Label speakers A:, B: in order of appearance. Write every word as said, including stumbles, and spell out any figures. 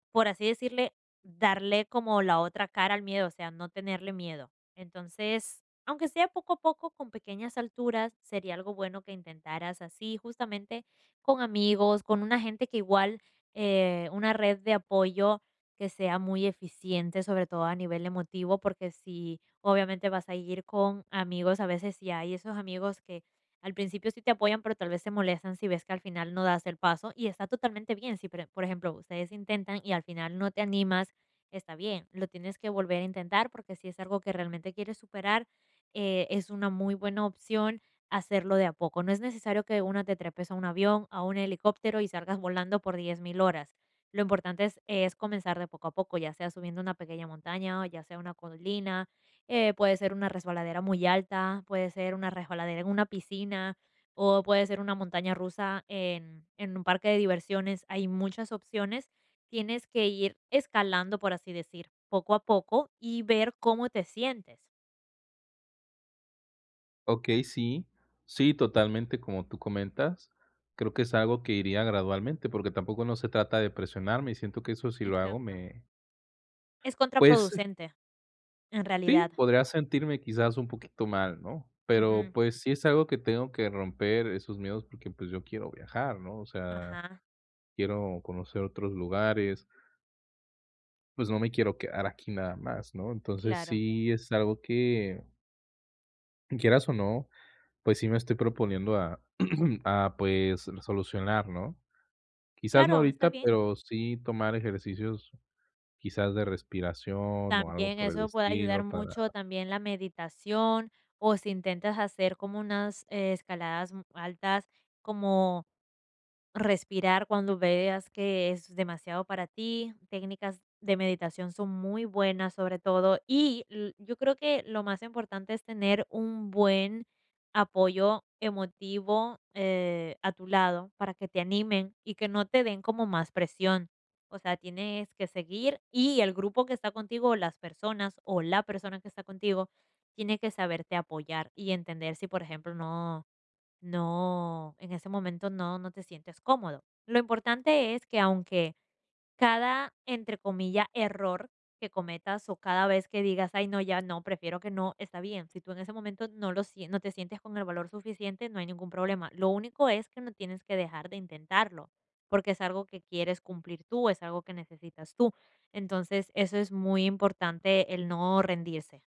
A: Por así decirle, darle como la otra cara al miedo, o sea, no tenerle miedo. Entonces, aunque sea poco a poco, con pequeñas alturas, sería algo bueno que intentaras así, justamente con amigos, con una gente que igual eh, una red de apoyo que sea muy eficiente. Sobre todo a nivel emotivo, porque si, obviamente, vas a ir con amigos a veces, y hay esos amigos que al principio sí te apoyan, pero tal vez se molestan si ves que al final no das el paso y está totalmente bien. Si, pere por ejemplo, ustedes intentan y al final no te animas, está bien. Lo tienes que volver a intentar, porque si es algo que realmente quieres superar, eh, es una muy buena opción hacerlo de a poco. No es necesario que de una te trepes a un avión, a un helicóptero y salgas volando por diez mil horas. Lo importante es es comenzar de poco a poco, ya sea subiendo una pequeña montaña, o ya sea una colina, eh, puede ser una resbaladera muy alta, puede ser una resbaladera en una piscina, o puede ser una montaña rusa en en un parque de diversiones. Hay muchas opciones. Tienes que ir escalando, por así decir, poco a poco y ver cómo te sientes.
B: Okey, sí. Sí, totalmente, como tú comentas. Creo que es algo que iría gradualmente, porque tampoco no se trata de presionarme, y siento que eso sí lo hago
A: Exacto.
B: me
A: Es
B: pues
A: contraproducente, en realidad.
B: sí, podría sentirme quizás un poquito mal, ¿no? Pero,
A: Ujú.
B: pues, sí es algo que tengo que romper esos miedos, porque, pues, yo quiero viajar, ¿no? O sea,
A: Ajá.
B: quiero conocer otros lugares pues, no me quiero quedar aquí nada más, ¿no? Entonces,
A: Claro.
B: sí es algo que quieras, o, no, pues, sí me estoy proponiendo a a, pues, solucionar, ¿no? Quizás no
A: Claro, está
B: ahorita,
A: bien.
B: pero sí tomar ejercicios quizás de respiración, o, algo
A: También
B: por el
A: eso puede ayudar
B: estilo
A: mucho,
B: para
A: también la meditación, o si intentas hacer como unas escaladas, mm, altas, como respirar cuando veas que es demasiado para ti. Técnicas de meditación son muy buenas, sobre todo. Y l yo creo que lo más importante es tener un buen apoyo emotivo, eh, a tu lado, para que te animen y que no te den como más presión. O sea, tienes que seguir, y el grupo que está contigo, o las personas, o la persona que está contigo tiene que saberte apoyar y entender si, por ejemplo, no no, en ese momento, no no te sientes cómodo. Lo importante es que aunque cada, entre comilla, error que cometas, o cada vez que digas: "Ay, no, ya no, prefiero que no", está bien. Si tú en ese momento no lo sie no te sientes con el valor suficiente, no hay ningún problema. Lo único es que no tienes que dejar de intentarlo, porque es algo que quieres cumplir tú, es algo que necesitas tú. Entonces, eso es muy importante, el no rendirse.